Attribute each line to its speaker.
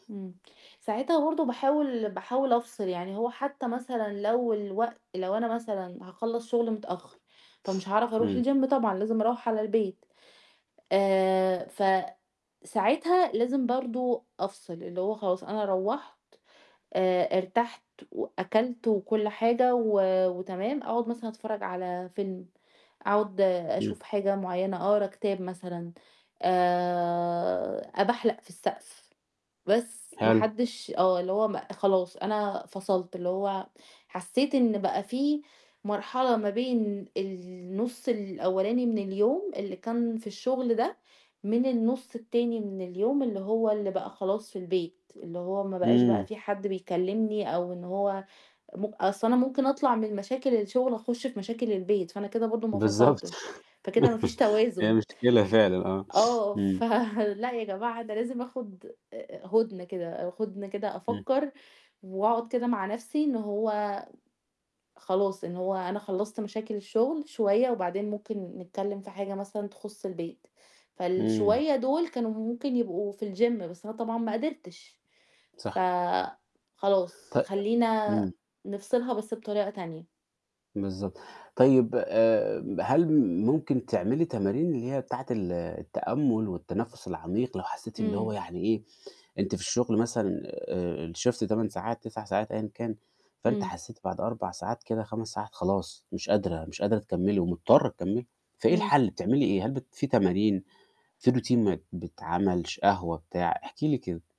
Speaker 1: امم، ساعتها برضه باحاول باحاول أفصل، يعني هو حتّى مثلًا لو الوقت لو أنا مثلًا هاخلّص شغل متأخّر، فمش هاعرف أروح
Speaker 2: إمم.
Speaker 1: الGym طبعًا لازم أروّح على البيت، آآ فساعتها لازم برضه أفصل، اللي هو خلاص أنا روّحت آآ ارتحت وأكلت وكلّ حاجة و وتمام، أقعد مثلًا أتفرّج على فيلم، أقعد
Speaker 2: إمم.
Speaker 1: أشوف حاجة معيّنة أقرا كتاب مثلًا، آآ أبحلق في السقف، بس ما
Speaker 2: حلو.
Speaker 1: حدش آه اللي هو م خلاص أنا فصلت، اللي هو حسّيت إن بقى في مرحلة ما بين النُص الأولاني من اليوم اللي كان في الشغل ده، من النُص التاني من اليوم اللي هو اللي بقى خلاص في البيت، اللي هو ما بقاش بقى
Speaker 2: إمم.
Speaker 1: في حد بيكلّمني أو إن هو م أصل أنا ممكن أطلع من مشاكل الشغل أخش في مشاكل البيت، فأنا كده برضه ما
Speaker 2: بالضبط
Speaker 1: فصلتش، فكده ما فيش
Speaker 2: هي
Speaker 1: توازن.
Speaker 2: مشكلة فعلًا آه،
Speaker 1: آه
Speaker 2: إمم.
Speaker 1: ف لأ يا جماعة أنا لازم آخد آآ هدنة كده هدنة كده
Speaker 2: إمم.
Speaker 1: أفكّر وأقعد كده مع نفْسي إن هو خلاص، إن هو أنا خلّصت مشاكل الشغل شوية وبعدين ممكن نتكلّم في حاجة مثلًا تخُص البيت،
Speaker 2: إمم.
Speaker 1: فالشوية دُول كانوا ممكن يبقوا في الGym بس أنا طبعًا ما قدرتش، ف
Speaker 2: صح.
Speaker 1: خلاص
Speaker 2: ط
Speaker 1: خلّينا
Speaker 2: إمم.
Speaker 1: نفصلها بس بطريقة تانية.
Speaker 2: بالضبط، طيب آآ هل ممكن تعملي تمارين اللي هي بتاعة ال التأمل والتنفُس العميق لو حسّيتِ اللي هو
Speaker 1: إمم.
Speaker 2: يعني إيه، أنتِ في الشغل مثلًا آآ الShift 8 ساعات 9 ساعات أيًا كان، فأنتِ
Speaker 1: إمم.
Speaker 2: حسيتِ بعد 4 ساعات كده 5 ساعات خلاص، مش قادرة، مش قادرة تكمّلي ومضطرة تكمّلي، فإيه
Speaker 1: إمم.
Speaker 2: الحل بتعملي إيه؟ هل بت في تمارين في Routine ما بتعمل ش قهوة بتاع؟ احكي لي كده.